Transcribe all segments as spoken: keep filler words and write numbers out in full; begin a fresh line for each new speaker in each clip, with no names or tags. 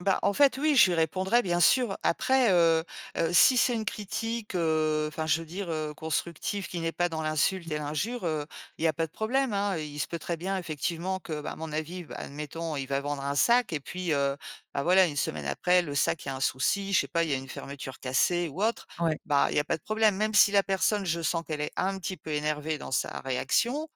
Bah, en fait, oui, je lui répondrai, bien sûr. Après, heu heu, si c'est une critique, heu enfin, je veux dire, heu, constructive, qui n'est pas dans l'insulte
Mmh.
et l'injure, heu, il y a pas de problème, hein. I il se peut très bien, effectivement, que, bah, à mon avis, bah admettons, il va vendre un sac. Et puis, heu, bah, voilà, une semaine après, le sac, il y a un souci, je sais pas, il y a une fermeture cassée ou autre.
Ouais.
Bah, il y a pas de problème. Même si la personne, je sens qu'elle est un petit peu énervée dans sa réaction,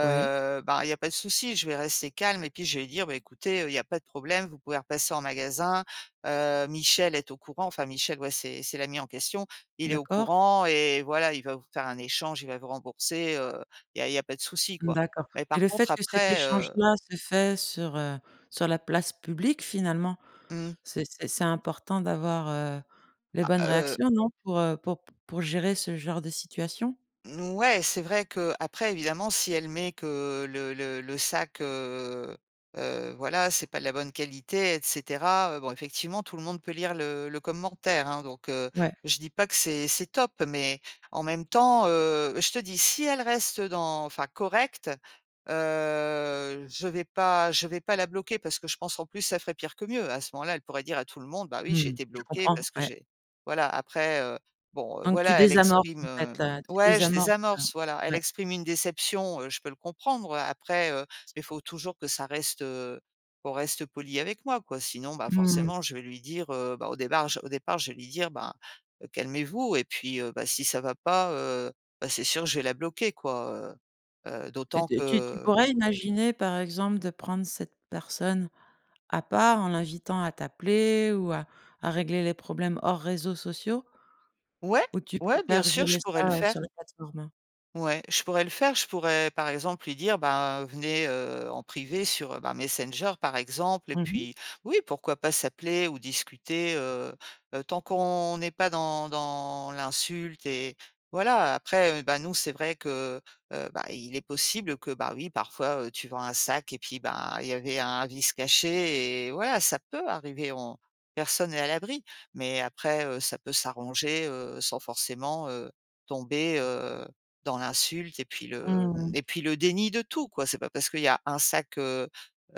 Oui.
ben, il y a pas de souci. Je vais rester calme et puis, je vais lui dire: «Bah écoutez, heu, il y a pas de problème, vous pouvez repasser en magasin. Heu, Michel est au courant- enfin, Michel, ouais, c'est c'est l'ami en question- il est au
D'accord.
courant et voilà, il va vous faire un échange, il va vous rembourser, heu, il y a il y a pas de souci, quoi.»
D'accord.
Mais
Et le
par
fait
contre,
que cet
après, heu
échange-là se fait sur, heu sur la place publique, finalement,
Mmh.
c'est c'est c'est important d'avoir, heu, les
Ah,
bonnes
heu
réactions, non? Pour, heu, pour p pour gérer ce genre de situation?
N ouais, c'est vrai qu'après, évidemment, si elle met que le le le sac, heu heu, voilà, c'est pas de la bonne qualité, et cetera, heu, bon, effectivement, tout le monde peut lire le le commentaire, hein. Donc, heu,
Ouais.
je dis pas que c'est c'est top, mais, en même temps, heu, je te dis, si elle reste dans enfin, correcte, heu, je vais pas je vais pas la bloquer parce que je pense, en plus, ça ferait pire que mieux. À ce moment-là, elle pourrait dire à tout le monde: «Bah, oui, j'ai
Mmh,
été
je
bloquée
comprends.
parce que
Ouais.
j'ai», voilà. Après, heu, bon, heu,
Donc tu
voilà, elle
désamorces,
exprime,
en fait,
hem
heu tu
ouais, je
désamorces,
désamorce. Voilà,
heu
elle
ouais.
exprime une déception. Heu, je peux le comprendre, après, heu mais faut toujours que ça reste, heu qu'on reste poli avec moi, quoi. Sinon, bah,
Mmh mh.
forcément je vais lui dire, heu, bah, au débart j au départ, je vais lui dire: «Ben, heu, calmez-vous», et puis, heu, bah, si ça va pas, heu, bah, c'est sûr que je vais la bloquer, quoi, heu heu,
Et
d'autant
t heu, tu tu
que
pourrais imaginer, par exemple, de prendre cette personne à part, en l'invitant à t'appeler ou à à régler les problèmes hors réseaux sociaux?
Ouais,
Ou tu
ouais, bien
préfères
sûr, je
gérer
pourrais
ça,
le
heu,
faire.
sur la plateforme?
Ouais, je pourrais le faire. Je pourrais, par exemple, lui dire: «Ben, venez, heu, en privé sur, heu, ben, Messenger, par exemple.» Et
Mmh mh.
puis oui, pourquoi pas s'appeler ou discuter, heu heu, tant qu'on n'est pas dans dans l'insulte. Et voilà, après, heu, bah, nous, c'est vrai que, heu, bah, il est possible que, bah oui, parfois, heu, tu vends un sac et puis, ben, il y avait un vice caché et voilà. Ça peut arriver, on personne n'est à l'abri. Mais après, heu, ça peut s'arranger, heu, sans forcément, heu, tomber, heu, dans l'insulte et puis le, mmh,
Mmh.
et puis le déni de tout, quoi. C'est pas parce qu'il y a un sac, heu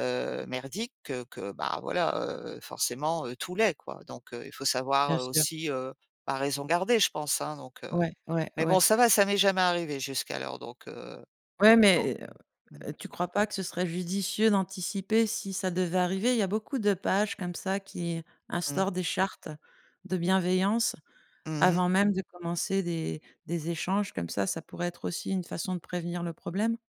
heu, merdique que que, bah, voilà, heu, forcément, heu, tout l'est, quoi. Donc heu, il faut savoir,
Bien
heu,
sûr.
aussi, heu, ben, raison garder, je pense, hein, donc heu.
Ouais, ouais,
Mais bon,
ouais.
ça va, ça m'est jamais arrivé jusqu'alors, donc heu
Ouais,
donc
mais, heu
heu, mmh.
heu, tu crois pas que ce serait judicieux d'anticiper si ça devait arriver? Il y a beaucoup de pages comme ça qui
Mmh.
instaurent des chartes de bienveillance,
Mmh mh.
avant même de commencer des des échanges comme ça, ça pourrait être aussi une façon de prévenir le problème?